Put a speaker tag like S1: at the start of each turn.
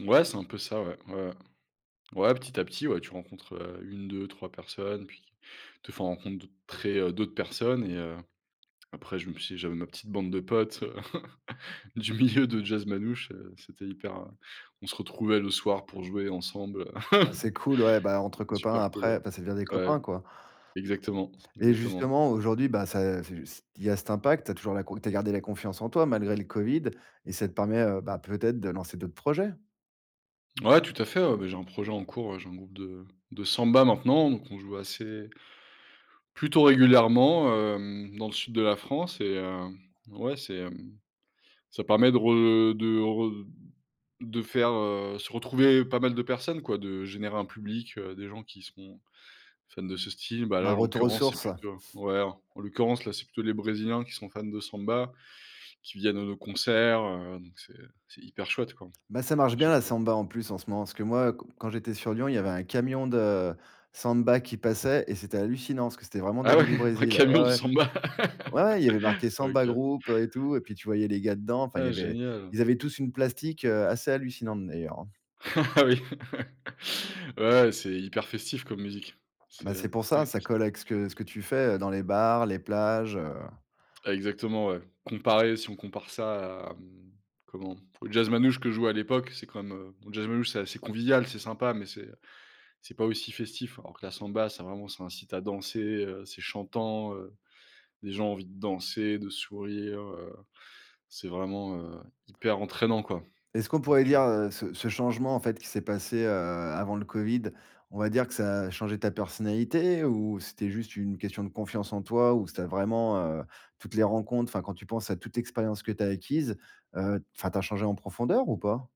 S1: Ouais c'est un peu ça ouais. Ouais, ouais. Ouais, petit à petit, ouais tu rencontres, heu, 1-2-3 personnes, puis te font rencontrer heu, d'autres personnes. Et, heu, après je me suis j'avais ma petite bande de potes, du milieu de jazz manouche. Heu, c'était hyper, heu on se retrouvait le soir pour jouer ensemble, heu,
S2: Ah c'est cool ouais, bah entre
S1: c'était
S2: copains
S1: super cool
S2: après enfin ça devient des
S1: ouais. Ouais
S2: copains quoi
S1: exactement,
S2: et
S1: exactement.
S2: justement aujourd'hui, bah ça c'est ju s il y a cet impact, tu as toujours la con tu as gardé la confiance en toi, malgré le covid. Et ça te permet, heu, bah peut-être de lancer d'autres projets!
S1: Ouais tout à fait, ouais, bah, j'ai un projet en cours, j'ai un groupe de de Samba maintenant, donc on joue assez plutôt régulièrement, hem dans le sud de la France et heu, ouais c'est hem, ça permet de re de re de faire, heu, se retrouver pas mal de personnes quoi. De générer un public, heu, des gens qui seront fans de ce style. Bah là
S2: Un
S1: en
S2: retour aux
S1: l'occurrence c'est
S2: sources, ouais.
S1: plutôt ouais en l'occurrence là c'est plutôt les brésiliens qui sont fans de samba, qui viennent à nos concerts, heu, donc c'est c'est hyper chouette quoi,
S2: Bah ça
S1: à
S2: marche bien
S1: chaque
S2: la
S1: fois.
S2: samba en plus en ce moment, parce que moi q quand j'étais sur Lyon, il y avait un camion de samba qui passait et c'était hallucinant. Parce que c'était vraiment des
S1: Ah
S2: gens,
S1: ouais,
S2: du
S1: un
S2: Brésil. Ouais,
S1: camion de
S2: ouais.
S1: samba?
S2: Ouais il y avait marqué samba
S1: OK.
S2: groupe, heu et tout. Et puis tu voyais les gars dedans, enfin il y
S1: Ah
S2: avait
S1: génial,
S2: ils
S1: hein.
S2: avaient tous une plastique, heu, assez hallucinante d'ailleurs hein.
S1: Ah oui, ouais, ouais c'est hyper festif comme musique, c'est,
S2: Bah c'est
S1: heu
S2: pour ça,
S1: ouais
S2: ça
S1: s
S2: colle avec ce que ce que tu fais, heu, dans les bars, les plages heu.
S1: Exactement ouais, comparer si on compare ça à mmh comment? Au jazz manouche que je jouais à l'époque, c'est quand même, heu bon jazz manouche c'est assez convivial, c'est sympa. Mais c'est, heu c'est pas aussi festif, alors que la samba ça vraiment ça incite à danser, heu. C'est chantant, heu, les gens ont envie de danser, de sourire, heu, c'est vraiment, heu, hyper entraînant quoi.
S2: Est-ce qu'on pourrait
S1: Donc
S2: dire,
S1: heu
S2: heu, ce ce changement en fait qui s'est passé, heu, avant le covid, on va dire que ça a changé ta personnalité? Ou c'était juste une question de confiance en toi? Ou c'était vraiment, heu, toutes les rencontres, enfin quand tu penses à toute l'expérience que tu as acquise, heu, enfin tu as changé en profondeur ou pas?